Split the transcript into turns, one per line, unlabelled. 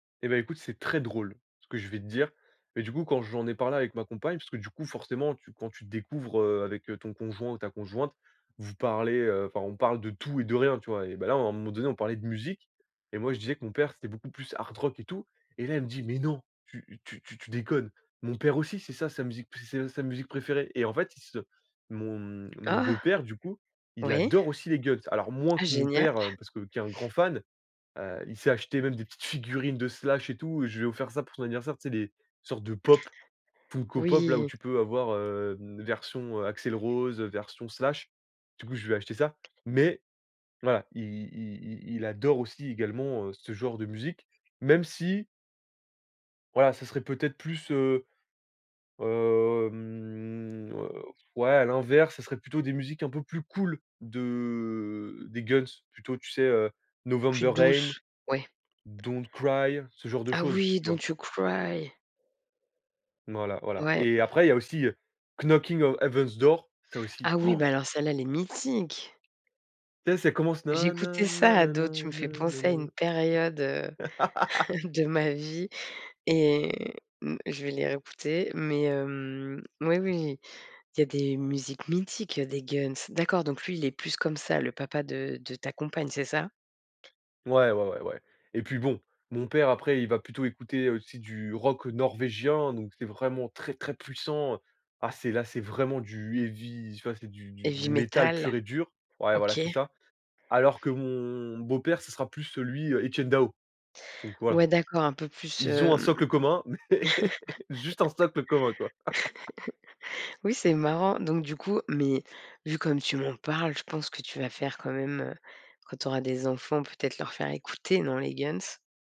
Eh beh, écoute, c'est très drôle ce que je vais te dire mais du coup, quand j'en ai parlé avec ma compagne, parce que du coup, forcément, tu quand tu te découvres, heu, avec ton conjoint ou ta conjointe, vous parlez, heu, enfin, on parle de tout et de rien, tu vois, eh beh, là, à un moment donné, on parlait de musique et moi je disais que mon père c'était beaucoup plus Hard Rock et tout et là, il me dit: «Mais non! Tu tu tu tu déconnes! Mon père aussi c'est ça sa musique c'est s sa musique préférée» et en fait, ils se mon, hem, mon
Oh!
beau-père, du coup, il
Oui.
adore aussi les Guns, alors moins que
Ah
mon
génial!
père parce que qui est un grand fan, heu, il s'est acheté même des petites figurines de Slash et tout, je lui ai offert ça pour son anniversaire, c'est les sortes de Pop Funko Pop-là, où
Oui!
tu peux avoir, heu, version Axel Rose, version Slash, du coup, je lui ai acheté ça mais voilà, i i il adore aussi également, heu, ce genre de musique même si voilà, ça serait peut-être plus, heu, hem, heu, pff, ouais à l'inverse, ça serait plutôt des musiques un peu plus cool de des Guns, plutôt tu sais, heu,
Plus
November Rain,
douce? Oui.
Don't Cry, ce genre de
Ah
choses,
oui,
tu vois?
don't you cry!
Voilà, voilà
Ouais.
et après il y a aussi, ça aussi, Knockin' on Heaven's Door, ça aussi,
Ah oui, beh,
han!
alors celle-là, elle est mythique!
Tu sais, ça commence na na
J'écoutais ça
nanana
ado. Tu me fais
ne
penser à une
nene.
période, heu, de ma vie et mmh, je vais les réécouter mais hem, mais oui, oui, il y a des musiques mythiques des Guns, d'accord, donc lui est plus comme ça, le papa de de ta compagne, c'est ça?
Ouais, ouais, ouais, ouais et puis bon, mon père après, il va plutôt écouter aussi du rock norvégien, donc c'est vraiment très, très puissant. Ah! C'est là, c'est vraiment du, heavy, tu vois? C'est c'est du du du
Heavy
métal
metal,
pur et dur. Ouais, voilà,
OK.
c'est ça, alors que mon beau-père, ce sera plus, lui, Etienne Daho, donc voilà,
Ouais, d'accord, un peu plus,
ils ont un
hem,
socle commun mais juste un socle commun, quoi.
oui, c'est marrant donc, du coup mais vu comme tu m'en parles, je pense que tu vas faire quand même, heu, quand tu auras des enfants, peut-être leur faire écouter, non, les Guns?